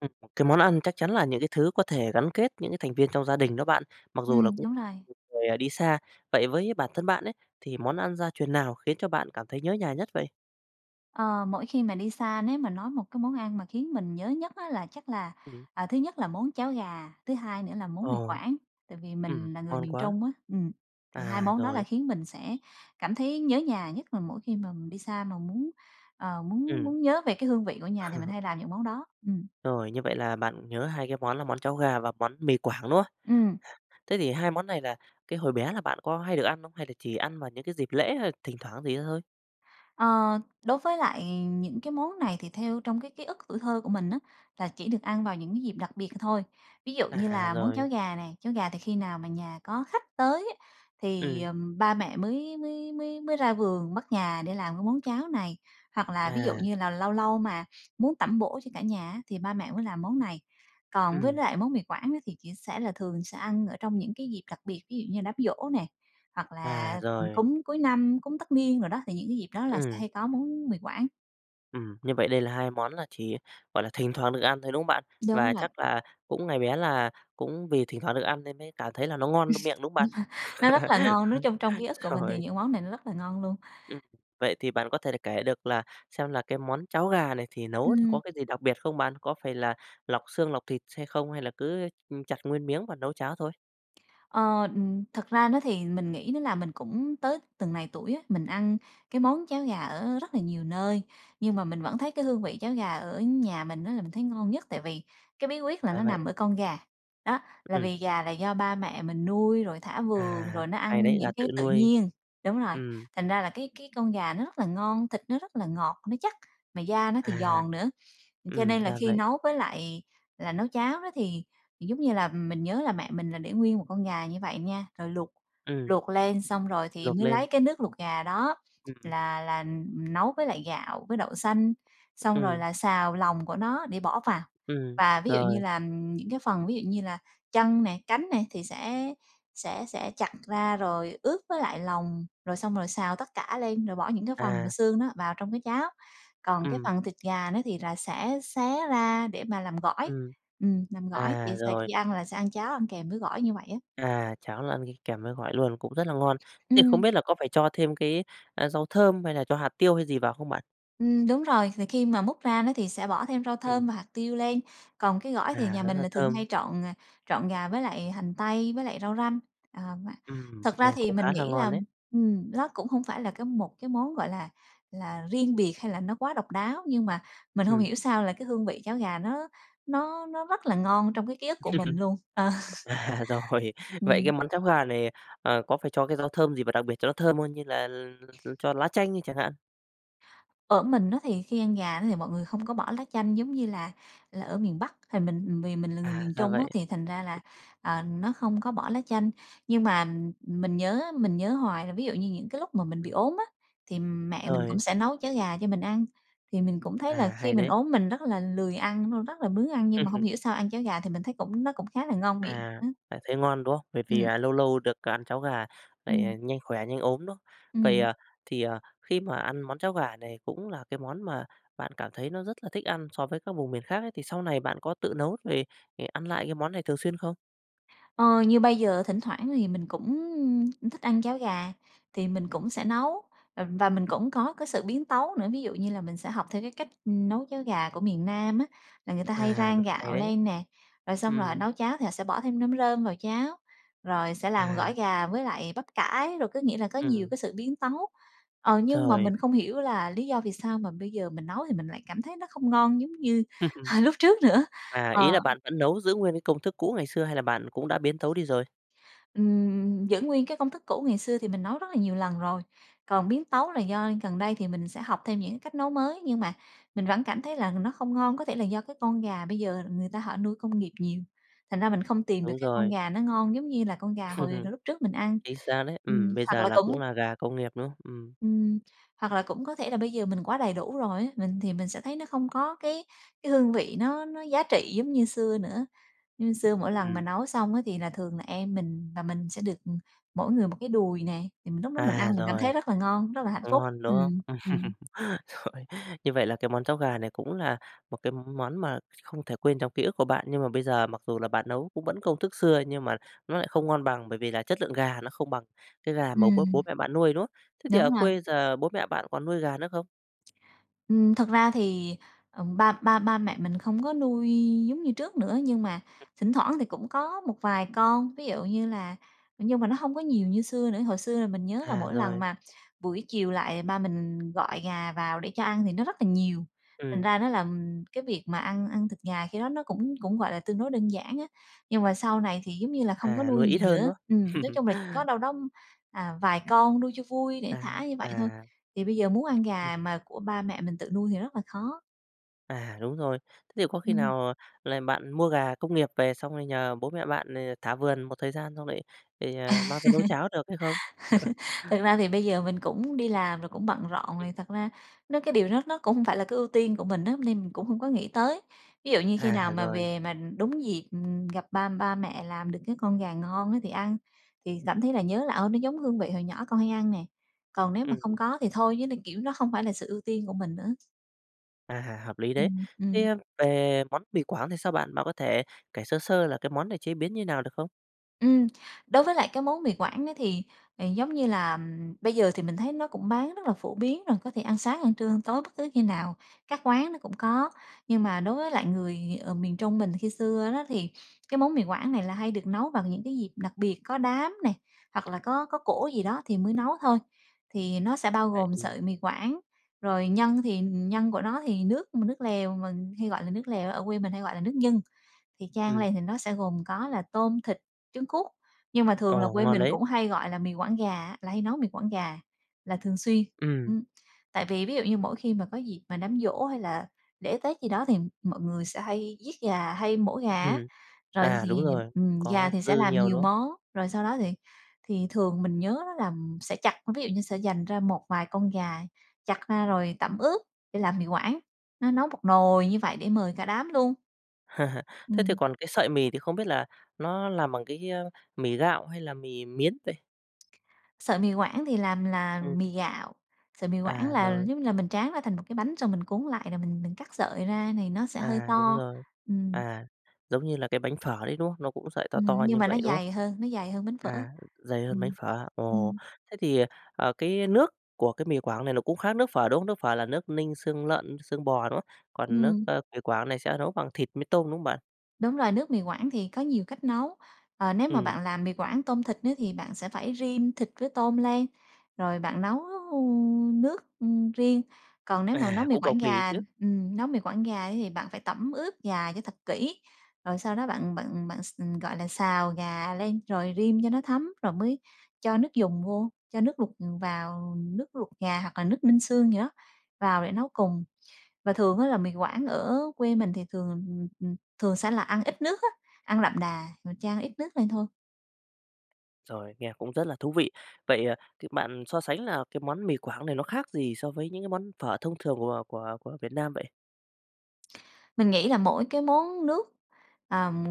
Ừ, cái món ăn chắc chắn là những cái thứ có thể gắn kết những cái thành viên trong gia đình đó bạn, mặc dù là Ừm, cũng đúng rồi. [unintelligible] người đi xa. Vậy với bản thân bạn ấy thì món ăn gia truyền nào khiến cho bạn cảm thấy nhớ nhà nhất vậy? Ờ, mỗi khi mà đi xa nếu mà nói một cái món ăn mà khiến mình nhớ nhất á là chắc là, Ừm. à, thứ nhất là món cháo gà, thứ hai nữa là món Mì Ờ. Quảng, tại vì Ừm, mình là người ngon miền quá! Trung á. Ừ, thì hai À, món đó là rồi. khiến mình sẽ cảm thấy nhớ nhà, nhất là mỗi khi mà mình đi xa mà muốn, ờ, muốn Ừm. muốn nhớ về cái hương vị của nhà, thì mình hay làm những món đó. Ừm. Rồi, như vậy là bạn nhớ hai cái món là món cháo gà và món mì Quảng, đúng không? Ừm. Thế thì hai món này là cái hồi bé là bạn có hay được ăn không, hay là chỉ ăn vào những cái dịp lễ, hay thỉnh thoảng gì đó thôi? Ờ, đối với lại những cái món này thì theo trong cái ký ức tuổi thơ của mình á, là chỉ được ăn vào những cái dịp đặc biệt thôi. Ví dụ như À, là món cháo rồi. gà này, cháo gà thì khi nào mà nhà có khách tới á, thì, Ừm. à, ba mẹ mới mới mới mới ra vườn bắt gà để làm cái món cháo này. Hoặc là ví dụ À. như là lâu lâu mà muốn tẩm bổ cho cả nhà á, thì ba mẹ mới làm món này. Còn với Ừm. lại món Mì Quảng á, thì chỉ sẽ là thường sẽ ăn ở trong những cái dịp đặc biệt, ví dụ như đám giỗ nè, hoặc À, là rồi. cúng cuối năm, cúng tất niên đồ đó, thì những cái dịp đó là sẽ Ừm. hay có món Mì Quảng. Ừm, như vậy đây là 2 món là chỉ, gọi là, thỉnh thoảng được ăn thôi, đúng không bạn? Đúng Và vậy. chắc là cũng ngày bé là cũng vì thỉnh thoảng được ăn nên mới cảm thấy là nó ngon miệng, đúng không bạn? Nó rất là ngon, nói chung trong ký ức của mình thì Rồi. những món này nó rất là ngon luôn. Ừm, vậy thì bạn có thể được kể được là xem là cái món cháo gà này thì nấu thì có Ừm. cái gì đặc biệt không bạn? Có phải là lọc xương, lọc thịt xay không? Hay là cứ, ưm, chặt nguyên miếng và nấu cháo thôi? Ờ, ừm, thực ra nó thì mình nghĩ nó là mình cũng tới từng này tuổi á, mình ăn cái món cháo gà ở rất là nhiều nơi, nhưng mà mình vẫn thấy cái hương vị cháo gà ở nhà mình á là mình thấy ngon nhất tại vì cái bí quyết là Ra nó vậy nằm à? ở con gà, đó. Là Ừm. vì gà là do ba mẹ mình nuôi, rồi thả vườn, À, rồi nó hay ăn đấy! Gà những tự cái tự nuôi. nhiên Đúng rồi. Ừm. Thành ra là cái cái con gà nó rất là ngon, thịt nó rất là ngọt, nó chắc, mà da nó thì À. giòn nữa. Cho Ừm, nên là ra khi vậy. nấu với lại là nấu cháo đó thì giống như là mình nhớ là mẹ mình là để nguyên một con gà như vậy nha, rồi luộc Ừm. luộc lên xong rồi thì Luộc mới lên. lấy cái nước luộc gà đó Ừm, ừm. là là nấu với lại gạo, với đậu xanh, xong rồi Ừm. là xào lòng của nó để bỏ vào. Ừm, Và ví dụ như rồi. là, ừm, những cái phần ví dụ như là chân nè, cánh nè thì sẽ sẽ sẽ chặt ra rồi ướp với lại lòng rồi xong rồi xào tất cả lên, rồi bỏ những cái phần mà À. xương nó vào trong cái cháo. Còn cái Ừm. phần thịt gà nó thì là sẽ xé ra để mà làm gỏi, Ừm. ừm, làm gỏi À, vậy thì rồi. khi ăn là sẽ ăn cháo ăn kèm với gỏi như vậy á. À, cháo là ăn đi kèm với gỏi luôn, cũng rất là ngon. Thế thì không Ừm. biết là có phải cho thêm cái, a, rau thơm hay là cho hạt tiêu hay gì vào không bạn? Ừm, đúng rồi. Vì khi mà múc ra đó, thì sẽ bỏ thêm rau Ừm. thơm và hạt tiêu lên. Còn cái gỏi thì À, nhà rất mình là là thường thơm. hay trộn, à, trộn gà với lại hành tây, với lại rau răm. Ờ, mà Ừm, thật ra nghe thì cũng khá mình là nghĩ ngon là đấy. ừm, nó cũng không phải là một cái món gọi là là riêng biệt hay là nó quá độc đáo, nhưng mà mình hông Ừm. hiểu sao là cái hương vị cháo gà nó nó nó rất là ngon trong cái ký ức của mình luôn. Ờ. À, rồi. Vậy cái Ừm. món cháo gà này, à, có phải cho cái rau thơm gì vào đặc biệt cho nó thơm hơn như là cho lá chanh đi chẳng hạn? Ở mình á, thì khi ăn gà đó thì mọi người không có bỏ lá chanh giống như là là ở miền Bắc. Thì mình vì mình là người À, miền ra Trung á, vậy. thì thành ra là, ờ, nó không có bỏ lá chanh. Nhưng mà mình nhớ, á, mình nhớ hoài là ví dụ như những cái lúc mà mình bị Ừm. ốm á, thì mẹ mình cũng Rồi. sẽ nấu cháo gà cho mình ăn, thì mình cũng thấy là À, khi hay mình đấy. ốm mình rất là lười ăn, nó rất là bướng ăn nhưng mà hông hiểu sao ăn cháo gà thì mình thấy cũng nó cũng khá là ngon miệng À, á. lại thấy ngon, đúng không? Bởi vì Ừm. là lâu lâu được ăn cháo gà, lại, à, Ừm. nhanh khỏe, nhanh ốm, đúng không? Vậy, Ừm. à, thì, ờ, khi mà ăn món cháo gà này cũng là cái món mà bạn cảm thấy nó rất là thích ăn so với các vùng miền khác ấy, thì sau này bạn có tự nấu về để ăn lại cái món này thường xuyên không? Ơ, như bây giờ thỉnh thoảng thì mình cũng cũng thích ăn cháo gà thì mình cũng sẽ nấu, ờ, và mình cũng có cái sự biến tấu nữa. Ví dụ như là mình sẽ học theo cái cách, ừm, nấu cháo gà của miền Nam á, là người ta hay À, rang được hay gạo đấy. lên nè, rồi xong rồi họ Ừm. nấu cháo thì họ sẽ bỏ thêm nấm rơm vào cháo, rồi sẽ làm À. gỏi gà với lại bắp cải, rồi có nghĩa là có nhiều Ừm. cái sự biến tấu. Ờ, nhưng mà Trời! mình không hiểu là lý do vì sao mà bây giờ mình nấu thì mình lại cảm thấy nó không ngon giống như, ờ, lúc trước nữa. À, Ờ. ý là bạn vẫn nấu giữ nguyên cái công thức cũ ngày xưa hay là bạn cũng đã biến tấu đi rồi? Ừm, giữ nguyên cái công thức cũ ngày xưa thì mình nấu rất là nhiều lần rồi. Còn biến tấu là do gần đây thì mình sẽ học thêm những cách nấu mới, nhưng mà mình vẫn cảm thấy mình nó không ngon. Có thể là do cái con gà bây giờ người ta họ nuôi công nghiệp nhiều, thành ra mình không tìm được Đúng cái con rồi. gà nó ngon giống như là con gà hồi hồi lúc trước mình ăn. Chính xác đấy, Ừm, ừm, bây hoặc giờ là là cũng cũng là gà công nghiệp, đúng không? Ừm. Ừm, hoặc là cũng có thể là bây giờ mình quá đầy đủ rồi á, mình thì mình sẽ thấy nó không có cái cái hương vị nó nó giá trị giống như xưa nữa. Như xưa mỗi lần mà Ừm. nấu xong á thì là thường là em mình và mình sẽ được, ừm, mỗi người 1 cái đùi nè. Thì mình lúc đó mình À, ăn mình cảm rồi. thấy rất là ngon, rất là hạnh phúc. Ngon, đúng không? Ừm, Ừm. ừm. Rồi. Như vậy là cái món cháo gà này cũng là một cái món mà không thể quên trong ký ức của bạn. Nhưng mà bây giờ mặc dù là bạn nấu cũng vẫn công thức xưa nhưng mà nó lại không ngon bằng, bởi vì là chất lượng gà nó không bằng cái gà mà bố bố Ừm. mẹ bạn nuôi, đúng không? Thế thì ở Đúng rồi. quê giờ bố mẹ bạn còn nuôi gà nữa không? Ừm, thật ra thì, ờm, ba ba ba mẹ mình không có nuôi giống như trước nữa, nhưng mà Ừ. thỉnh thoảng thì cũng có một vài con, ví dụ như là nhưng mà nó hông có nhiều như xưa nữa. Hồi xưa là mình nhớ là À, mỗi lần rồi. mà buổi chiều lại, ba mình gọi gà vào để cho ăn thì nó rất là nhiều. Thành Ừm. ra nó là, ừm, cái việc mà ăn ăn thịt gà khi đó nó cũng cũng gọi là tương đối đơn giản á. Nhưng mà sau này thì giống như là không có À, nuôi nuôi ít nhiều hơn, nữa. đúng Ừm, không? nói chung là chỉ có đâu đó, à, vài con nuôi cho vui, để À, thả như vậy thôi. à. Thì bây giờ muốn ăn Ừ. gà mà của ba mẹ mình tự nuôi thì rất là khó. À, đúng rồi, thế thì có khi Ừm. nào là bạn mua gà công nghiệp về, xong rồi nhờ bố mẹ bạn, ờ, thả vườn một thời gian, xong lại thì, à, mang ra nấu cháo được hay không? Thật ra thì bây giờ mình cũng đi làm rồi, cũng bận rộn Ừm. rồi. Thật ra nó cái điều đó nó cũng hông phải là cái ưu tiên của mình á, nên mình cũng không có nghĩ tới. Ví dụ như khi À, nào mà rồi. về mà đúng dịp gặp ba ba mẹ làm được cái con gà ngon á, thì ăn, thì cảm thấy là nhớ là "Ơ, nó giống hương vị hồi nhỏ con hay ăn nè!" Còn nếu mà không Ừm. có thì thôi, chứ nó kiểu, nó hông phải là sự ưu tiên của mình nữa. À! Hợp lý đấy! Ừm, ừm. Thế về món mì Quảng thì sao bạn, bạn có thể kể sơ sơ là cái món này chế biến như nào được không? Ừm, đối với lại cái món mì Quảng á thì, ờ, giống như là bây giờ thì mình thấy nó cũng bán rất là phổ biến rồi, có thể ăn sáng, ăn trưa, ăn tối, bất cứ khi nào, các quán nó cũng có. Nhưng mà đối với lại người, ờ, miền Trung mình khi xưa đó thì cái món mì Quảng này là hay được nấu bằng những cái dịp đặc biệt, có đám này hoặc là có có cỗ gì đó thì mới nấu thôi. Thì nó sẽ bao gồm [unintelligible] sợi mì Quảng, rồi nhân thì nhân của nó thì nước nước lèo mình hay gọi là nước lèo, ở quê mình hay gọi là nước nhân. Thì chan Ừm. lên thì nó sẽ gồm có là tôm, thịt, trứng cút, nhưng mà thường là Ồ, quê ngon mình đấy! cũng hay gọi là mì Quảng gà á, là hay nấu mì quảng gà là thường xuyên. Ừm. Ừm, tại vì ví dụ như mỗi khi mà có dịp mà đám giỗ hay là lễ tết gì đó thì mọi người sẽ hay giết gà, hay mổ gà á. Ừm, Rồi à, thì, đúng rồi, ừm, gà có thì sẽ dư làm nhiều, nhiều đúng không? món, rồi sau đó thì thì thường mình nhớ á là sẽ chặt, ví dụ như sẽ dành ra một vài con gà, chặt ra rồi tẩm ướp để làm mì Quảng, nó nấu một nồi như vậy để mời cả đám luôn. Thế thì Ừm. còn cái sợi mì thì không biết là nó làm bằng cái, ơ, mì gạo hay là mì miến vậy? Sợi mì Quảng thì làm là Ừm. mì gạo, sợi mì Quảng À, là, rồi. giống như là, mình tráng ra thành một cái bánh rồi mình cuốn lại rồi mình mình cắt sợi ra thì nó sẽ hơi À, đúng to. rồi, Ừm. à, giống như là cái bánh phở đấy, đúng không? Nó cũng sợi to Ừm, to nhưng như mà nó vậy, đúng không? dày hơn, nó dày hơn bánh phở. À, dày hơn bánh Ừm, phở. Ồ! ừm. Thế thì, ờ, cái nước của cái mì Quảng này nó cũng khác nước phở, đúng không? Nước phở là nước ninh xương lợn, xương bò, đúng không? Còn nước, Ừm. ơ, mì Quảng này sẽ nấu bằng thịt mí tôm, đúng không bạn? Đúng rồi, nước mì Quảng thì có nhiều cách nấu. Ờ, nếu mà Ừm. bạn làm mì Quảng tôm thịt nữa thì bạn sẽ phải rim thịt với tôm lên, rồi bạn nấu, ừm, nước, ừm, riêng. Còn nếu mà nấu À, mì cũng Quảng cầu kỳ ấy gà, chứ. ừm, nấu mì Quảng gà ấy thì bạn phải tẩm ướp gà cho thật kỹ. Rồi sau đó bạn bạn bạn x ừm, gọi là, xào gà lên rồi rim cho nó thấm rồi mới cho nước dùng vô, cho nước luộc vào, nước luộc gà hoặc là nước ninh xương gì đó vào để nấu cùng. Và thường á, là mì Quảng ở quê mình thì thường, ừm, thường sẽ là ăn ít nước á, ăn đậm đà, rồi chan ăn ít nước lên thôi. Rồi, nghe cũng rất là thú vị. Vậy, ờ, c bạn so sánh là cái món mì Quảng này nó khác gì so với những cái món phở thông thường của của của Việt Nam vậy? Mình nghĩ là mỗi cái món nước, ờ, m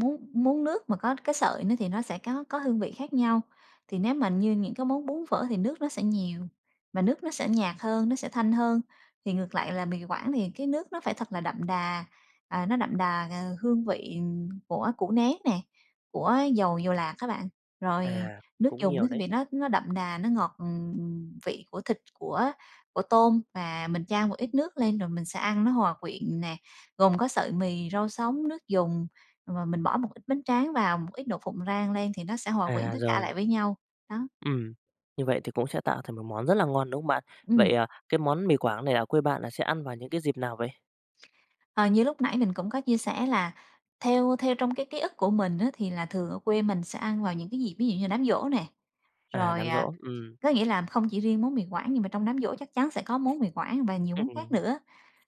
món món nước mà có cái sợi nó thì nó sẽ có có hương vị khác nhau. Thì nếu mà như những cái món bún, phở thì nước nó sẽ nhiều, và nước nó sẽ nhạt hơn, nó sẽ thanh hơn, thì ngược lại là mì Quảng thì cái nước nó phải thật là đậm đà, à, nó đậm đà, à, hương vị của củ nén nè, của dầu dầu lạc á bạn. Rồi À, nước cũng dùng nhiều nó thì đấy. vị nó nó đậm đà, nó ngọt, ừm, vị của thịt, của của tôm và mình chan một ít nước lên, rồi mình sẽ ăn nó hòa quyện nè, gồm có sợi mì, rau sống, nước dùng, và mình bỏ một ít bánh tráng vào, một ít đậu phộng rang lên thì nó sẽ hòa quyện À, tất cả rồi. lại với nhau, đó. Ừm, như vậy thì cũng sẽ tạo thành một món rất là ngon, đúng không bạn? Vậy Ừm. à, cái món mì Quảng này ở quê bạn là sẽ ăn vào những cái dịp nào vậy? À, như lúc nãy mình cũng có chia sẻ là theo theo trong cái ký ức của mình á thì là thường ở quê mình sẽ ăn vào những cái dịp, ví dụ như là đám giỗ nè, À, rồi, đám à, giỗ, ừm. có nghĩa là không chỉ riêng món mì Quảng nhưng mà trong đám giỗ chắc chắn sẽ có món mì Quảng và nhiều món khác Ừm. nữa.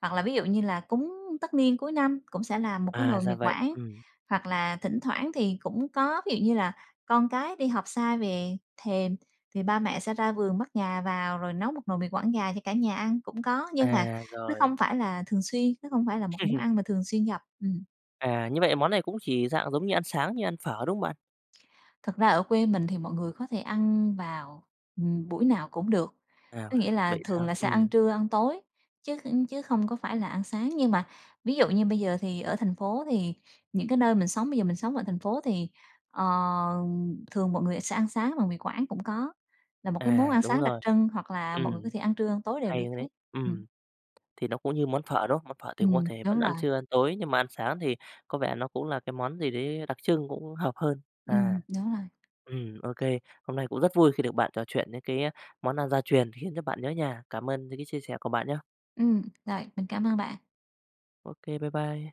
Hoặc là ví dụ như là cúng tất niên cuối năm cũng sẽ là một cái À, nồi mì ra vậy, Quảng, ừm. hoặc là thỉnh thoảng thì cũng có ví dụ như là con cái đi học xa về thèm thì ba mẹ sẽ ra vườn bắt gà vào rồi nấu một nồi mì Quảng gà cho cả nhà ăn cũng có, nhưng mà À, nó rồi. không phải là thường xuyên, nó không phải là một món ăn mà thường xuyên gặp, ừm. À, như vậy món này cũng chỉ dạng giống như ăn sáng như ăn phở, đúng không bạn? Thật ra ở quê mình thì mọi người có thể ăn vào, ừm, buổi nào cũng được, À, có nghĩa là vậy thường sao? là sẽ ăn Ừm. trưa, ăn tối chứ chứ không có phải là ăn sáng. Nhưng mà ví dụ như bây giờ thì ở thành phố thì những cái nơi mình sống bây giờ mình sống ở thành phố thì, ờ, thường mọi người sẽ ăn sáng bằng mì Quảng cũng có, là một cái món À, ăn đúng sáng đặc rồi. trưng hoặc là mọi người có Ừm, thể ăn trưa, ăn tối đều hay được đấy! hết, ừm. Ừm, thì nó cũng như món phở, đúng không? Mà món phở thì cũng có Ừm, thể vẫn đúng ăn rồi. trưa, ăn tối nhưng mà ăn sáng thì có vẻ nó cũng là cái món gì đấy đặc trưng cũng hợp hơn. Ừm, À, đúng rồi. ừm, ô kê, hôm nay cũng rất vui khi được bạn trò chuyện đến cái món ăn gia truyền khiến cho bạn nhớ nhà. Cảm ơn những cái chia sẻ của bạn nhé! Ừm, rồi. Mình cảm ơn bạn. Ô kê, bái bai!